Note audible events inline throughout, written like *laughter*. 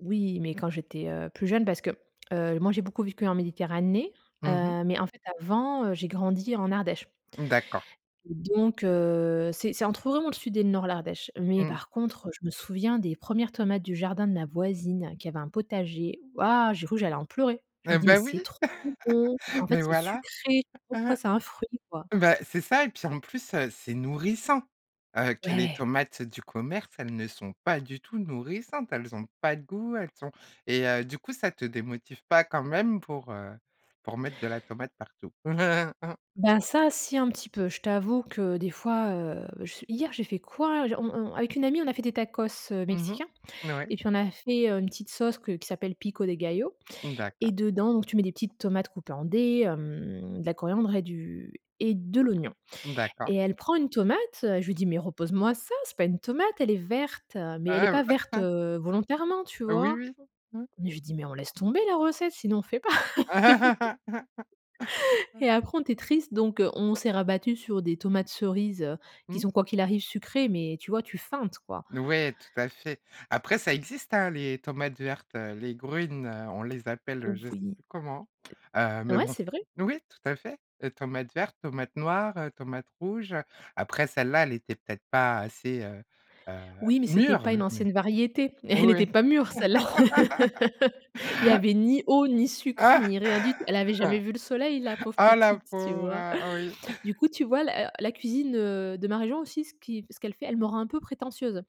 Oui, mais quand j'étais, heu, plus jeune parce que, heu, moi, j'ai beaucoup vécu en Méditerranée. Mmh mh. Heu, mais en fait, avant, heu, j'ai grandi en Ardèche. D'accord. Donc heu, c'est c'est entre vraiment le sud et le nord, l'Ardèche, mais Mmh. par contre, heu, je me souviens des 1res tomates du jardin de ma voisine qui avait un potager. Waouh, j'ai cru j'allais en pleurer. Je Ah me dis «Mais bah c'est oui, trop bon!» en *laughs* fait, mais c'est voilà. sucré. Pourquoi *chuckles* c'est un fruit, quoi? Bah, c'est ça et puis, en plus, heu, c'est nourrissant. Heu, que les Ouais. tomates du commerce, elles ne sont pas du tout nourrissantes, elles ont pas de goût, elles sont et heu, du coup, ça te démotive pas quand même pour, heu, pour mettre de la tomate partout? *chuckles* Ben, ça, si un petit peu. Je t'avoue que des fois, heu, je hier, j'ai fait quoi? J on on avec une amie, on a fait des tacos, heu, Mmh mh, mexicains n ouais. et puis, on a fait, heu, une petite sauce que qui s'appelle pico de gallo, Mmh, d'accord. et dedans donc tu mets des petites tomates coupées en dés, hem, de la coriandre et du et de l'oignon, Mmh, d'accord. et elle prend une tomate, heu, je lui dis: «Mais repose moi ça, c'est pas une tomate, elle est verte», mais elle est Ah ouais, pas verte, bah. *chuckles* heu, volontairement, tu Oh oui vois? oui, mmh. Mais je dis: «Mais on laisse tomber la recette, sinon on fait pas». *laughs* *laughs* Et après on était triste donc heu, on s'est rabattues sur des tomates cerises, heu, qui Mmh. sont, quoi qu'il arrive, sucrées, mais tu vois, tu feintes, quoi. N ouais, tout à fait. Après, ça existe, hein, les tomates vertes, heu, les grün, heu, on les appelle je sais Voui. plus comment. Heu, mais Ouais, bon, c'est vrai. n oui, tout à fait. Les tomates vertes, tomates noires, heu, tomates rouges, heu, après, celle-là, elle était peut-être pas assez, heu, heu, Oui mais c'était mûre. pas une Oui. ancienne variété et *chuckles* elle était pas mûre celle là. *laughs* *laughs* Il y avait ni eau, ni sucre, ni rien du tout. Elle avait jamais vu le soleil, la *laughs* pauvre Oh la petite, tu pauvre, vois? heu, oui. Du coup, tu vois, la la cuisine, heu, de ma région aussi, ce qui ce qu'elle fait, elle me rend un peu prétentieuse,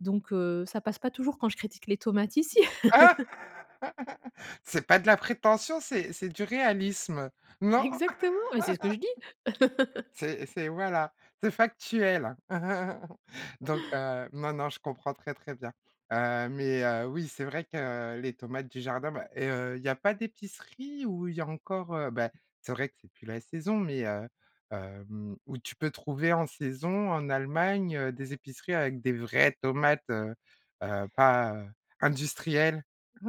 donc heu, ça passe pas toujours quand je critique les tomates ici. *laughs* *laughs* C'est pas de la prétention, c'est c'est du réalisme. Non? Exactement, mais c'est ce que je dis. *laughs* *laughs* C'est c'est, voilà, c'est factuel. *chuckles* Donc heu, non non, je comprends très, très bien. Heu, mais heu, oui, c'est vrai que les tomates du jardin, bah et heu, il y a pas d'épicerie où il y a encore, heu, bah, c'est vrai que c'est plus la saison, mais heu, hem, où tu peux trouver en saison en Allemagne, heu, des épiceries avec des vraies tomates, heu, heu, pas, heu, industrielles? *chuckles*